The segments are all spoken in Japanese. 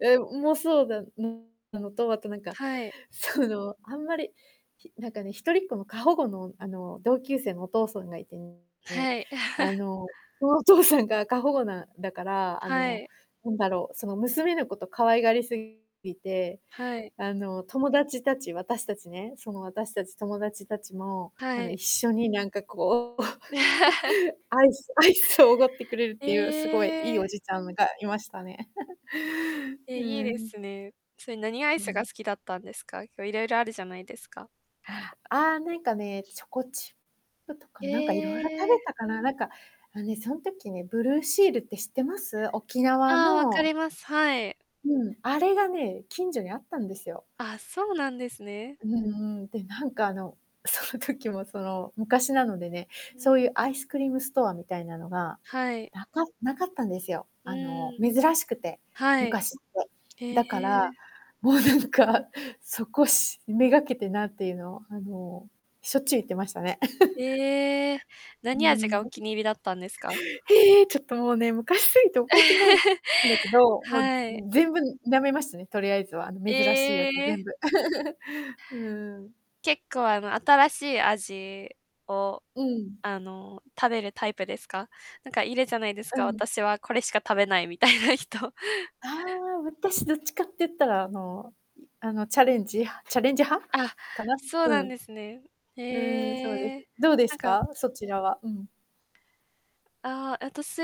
え、うもそうだ、うんなのと、あとなんか、はい。その、あんまり、ひなんかね、一人っ子の、過保護の、あの、同級生のお父さんがいてね、はい。あ の、とお父さんが過保護なだから、あはの、い。なんだろう、その、娘のこと可愛がりすぎて、はい。あの、友達たち、私たちね、その私たち、友達たちも、あはの、い。一緒になんかこう、アイスアイスをおごってくれるっえていう、すごい、いいおえ！じちゃんがいましたね。え、ういいでん。すね。それ、何アイうスがん。好きだったんですか？こ、色々あるじゃないですか。ああ、ああ、なんかね、チョコチップとか、なんか色々食えべえ。たかな、なんか、あ、ね、そん時ね、ブルーシールって知ってます？沖縄ああ、わかのります、はい。うん、あれがね、近所にあったんですよ。あ、そうなんですね。うんうん、で、なんか、あの、その時も、その、昔なのでね、うそん。ういうアイスクリームストアみたいなのが、はい。なかなかったんですよ。うあの、ーん。珍しくて、はい。昔って。へだから、え。もうなんか、そこし目掛けてなっていうのを、あの、しょっちゅう行ってましたね。ええ、うー何味がん、おうん。気に入りだったんですか？へえ、ちょっともうね、昔すぎて覚えてないんだ けど、もう、はい。ん、全部舐めましたね、とりあえずは、あえの、珍しいやつ全え！部。うん。結構、あの、新しい味を、うん。あの、食べるタイプですか？なんかいるじゃないですうか、ん。私はこれしか食べないみたいな人。ああ、私どっちかって言ったら、あの、うん、あの、チャレンジ派チャレンジ派あ、かな、そううん。なんですね。ふうーん、そうでへす。え、どうでなすんかか？そちらは。うん。ああ、あたし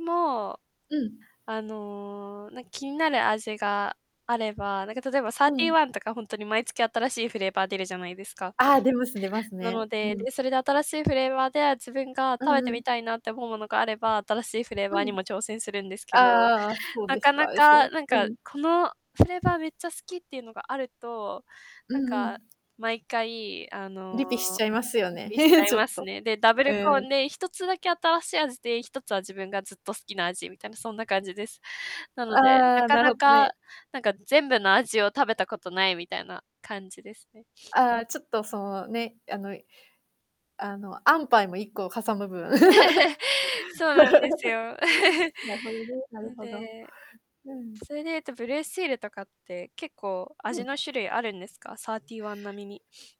も、うん。あの、なん、気になる味があれば、なんか、例えば、サーうティーん。ワンとか、ほんとに毎月新しいフレーバー出るじゃないですか。ああ、出ます出ますなね、のうで、ん。で、それで新しいフレーバーで、あ、自分がう食べんてうみん。たいなって思うものがあれば、新しいフレーバーうにん。も挑戦するんですけあど、あああ、あ、そうなでかすか、なあ、え、そか、なんううか、ん。このフレーバーめっちゃ好きっていうのがあると、うなんか、んうん。毎回、あの、リピしちゃいますよリね。ピしち ゃいちょっますと。ね。で、ダブうルコーん。ンで、1つだけ新しい味で、1つは自分がずっと好きな味みたいなそんな感じです。なので、なああ、かななるほどか、ね。なんか全部の味を食べたことないみたいな感じですね。ああ、ちょっとそのね、あの、いあの、アンパイも、1個嵩む分。そうなんですよ。なるほどね、なるのほど。で、うん。それで言うと、ブルーシールとかって、結構う味ん。の種類あるんですか？サーティーワン並みに。